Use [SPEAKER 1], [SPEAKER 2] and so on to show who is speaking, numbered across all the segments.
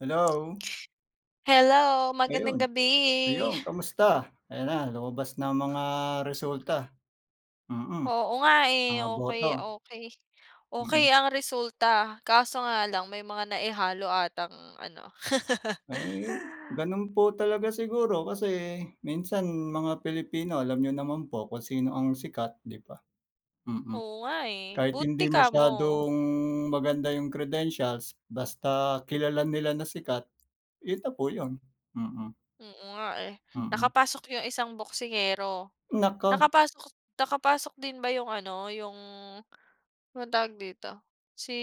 [SPEAKER 1] Hello.
[SPEAKER 2] Hello magandang
[SPEAKER 1] Ayun.
[SPEAKER 2] gabi.
[SPEAKER 1] Ayun komusta? Ayan na, lumabas na ang mga resulta, mm,
[SPEAKER 2] Oo, nga, eh.
[SPEAKER 1] mga
[SPEAKER 2] Okey,
[SPEAKER 1] boto.
[SPEAKER 2] okey, okey
[SPEAKER 1] Mm.
[SPEAKER 2] ang resulta kaso nga lang may mga naihalo atang ano.
[SPEAKER 1] Ay gano'n po talaga siguro, kasi minsan mga Pilipino, alam niyo naman po kung sino ang sikat 'di ba, mm.
[SPEAKER 2] Oo, nga, eh.
[SPEAKER 1] Kahit
[SPEAKER 2] Buti
[SPEAKER 1] hindi
[SPEAKER 2] kamo.
[SPEAKER 1] masyadong maganda 'yung credentials basta kilala nila na sikat, 'yun na po 'yun, mm.
[SPEAKER 2] Oo nga eh,
[SPEAKER 1] Mm.
[SPEAKER 2] nakapasok 'yung isang boksingero.
[SPEAKER 1] Naku!
[SPEAKER 2] Nakapasok nakapasok din ba 'yung ano, 'yung anong tawag dito, si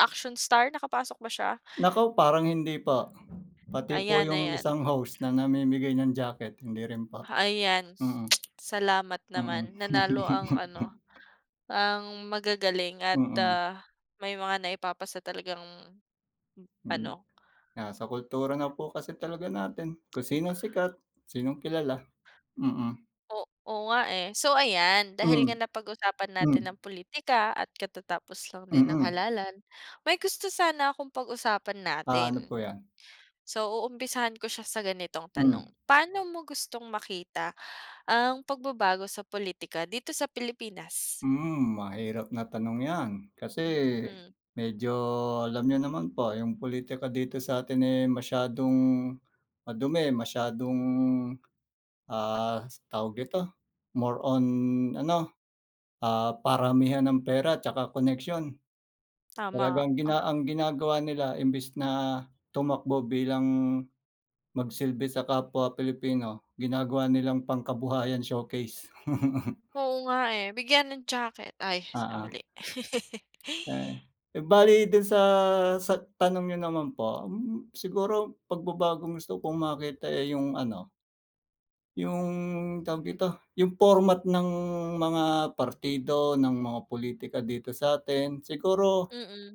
[SPEAKER 2] action star, nakapasok ba siya?
[SPEAKER 1] Naku, parang hindi po, pati po
[SPEAKER 2] Ayan,
[SPEAKER 1] 'yung
[SPEAKER 2] ayan.
[SPEAKER 1] isang host na namimigay ng jacket, hindi rin po.
[SPEAKER 2] Ha ayan
[SPEAKER 1] Mm.
[SPEAKER 2] salamat
[SPEAKER 1] Mm.
[SPEAKER 2] naman, nanalo ang ano, ang magagaling at,
[SPEAKER 1] Mm.
[SPEAKER 2] ah, may mga naipapasa talagang, m
[SPEAKER 1] Mm,
[SPEAKER 2] ano.
[SPEAKER 1] nasa kultura na po kasi talaga natin, kung sinong sikat, sinong kilala, mm.
[SPEAKER 2] O oo, nga, eh. So ayan, dahil nga
[SPEAKER 1] Hmm,
[SPEAKER 2] napag-usapan natin ang
[SPEAKER 1] hmm.
[SPEAKER 2] pulitika at katatapos lang din ng
[SPEAKER 1] Mm.
[SPEAKER 2] halalan, may gusto sana akong pag-usapan
[SPEAKER 1] Ah, ano po
[SPEAKER 2] natin.
[SPEAKER 1] 'yan?
[SPEAKER 2] So, uumpisahan ko siya sa ganitong tanong.
[SPEAKER 1] Hmm.
[SPEAKER 2] Paano mo gustong makita ang pagbabago sa pulitika dito sa Pilipinas?
[SPEAKER 1] Hmm, mahirap na tanong 'yan, kasi
[SPEAKER 2] Hmm.
[SPEAKER 1] medyo alam niyo naman po 'yong pulitika dito sa atin, eh, masyadong madumi, masyadong, ah, tawag dito, more on, ano, ah, paramihan ng pera at saka koneksyon.
[SPEAKER 2] Tama,
[SPEAKER 1] Talagang
[SPEAKER 2] ah.
[SPEAKER 1] gina ang ginagawa nila imbes na tumakbo bilang magsilbi sa kapwa Pilipino ginagawa nilang pangkabuhayan showcase.
[SPEAKER 2] Oo, nga, eh, bigyan ng jacket ay sa
[SPEAKER 1] Oo.
[SPEAKER 2] mali.
[SPEAKER 1] Eh eh, bale do'n sa sa tanong niyo naman po, hmm, siguro pagbabagong gusto kong makita, eh, 'yung ano 'yung tawag dito, 'yung format ng mga partido, ng mga politika, dito sa'tin siguro
[SPEAKER 2] Mm.